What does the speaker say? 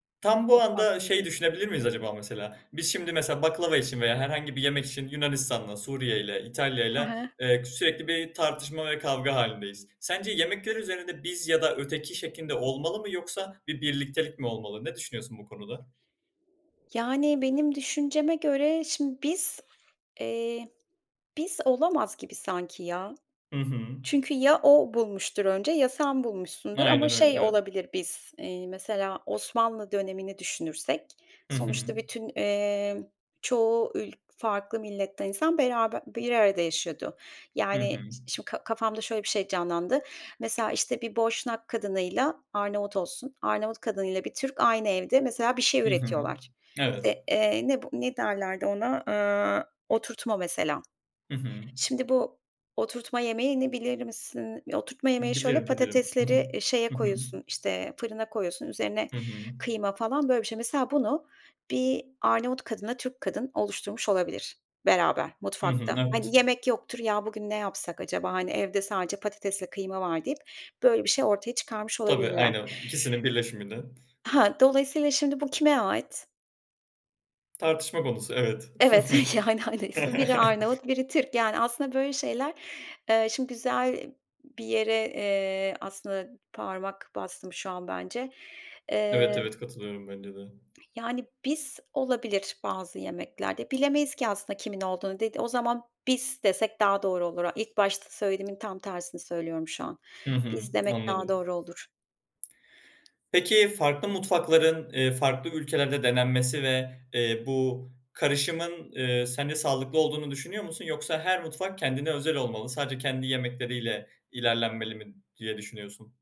Tam bu Mutfak anda ne şeyi [unintelligible] düşünebilir miyiz acaba mesela? Biz şimdi mesela baklava için veya herhangi bir yemek için Yunanistan'la, Suriye'yle, He İtalya'yla, he. eee, k sürekli bir tartışma ve kavga hâlindeyiz. Sence yemekler üzerinde biz ya da öteki şeklinde olmalı mı yoksa bir birliktelik mi olmalı? Ne düşünüyorsun bu konuda? Yani, benim düşünceme göre, şimdi, biz Eee, "biz" olamaz gibi sanki ya. Hı hı. Çünkü ya o bulmuştur önce ya sen bulmuşsundur ama Aynen öyle, şey evet. olabilir "biz", eee, mesela Osmanlı dönemini düşünürsek Hı hı. sonuçta bütün, emm, çoğu ül farklı milletten insan beraber bir arada yaşıyordu. Hı hı. Yani ş şimdi ka kafamda şöyle bir şey canlandı, mesela, işte, bir Boşnak kadınıyla Arnavut olsun, Arnavut kadınıyla bir Türk aynı evde mesela bir şey Hı hı. üretiyorlar. Evet. İşte, eee, ne bu ne derlerdi ona? Aaa, oturtma mesela. Hı hı. Şimdi, bu oturtma yemeğini bilir misin? Oturtma yemeği şöyle, Bilirim, bilirim. Hı hı. patatesleri, eee, şeye Hı hı. koyuyorsun, işte, fırına koyuyorsun, üzerine Hı hı. kıyma falan, böyle bir şey. Mesela bunu bir Arnavut kadınla Türk kadın oluşturmuş olabilir beraber Hı hı, mutfakta. evet. Hani, yemek yoktur, "Ya, bugün ne yapsak acaba? Hani, evde sadece patates ve kıyma var." deyip böyle bir şey ortaya çıkarmış Tabii, olabilirler. aynen, ikisinin birleşimden. Ha, dolayısıyla şimdi bu kime ait? Tartışma konusu, evet. Evet, yani, hani, sı biri Arnavut biri Türk. Yani aslında böyle şeyler Eee, şimdi güzel bir yere, eee, aslında parmak bastım şu an bence. Evet, Eee evet, katılıyorum. Bence de. Yani "biz" olabilir bazı yemeklerde. Bilemeyiz ki aslında kimin olduğunu. Dedi o zaman biz desek daha doğru olur. A ilk başta söylediğimin tam tersini söylüyorum şu an. Hı hı. "Biz" demek daha Anladım. doğru olur. Peki, farklı mutfakların, eee, farklı ülkelerde denenmesi ve, eee, bu karışımın, eee, sence sağlıklı olduğunu düşünüyor musun? Yoksa her mutfak kendine özel olmalı, sadece kendi yemekleriyle ilerlenmeli mi diye düşünüyorsun?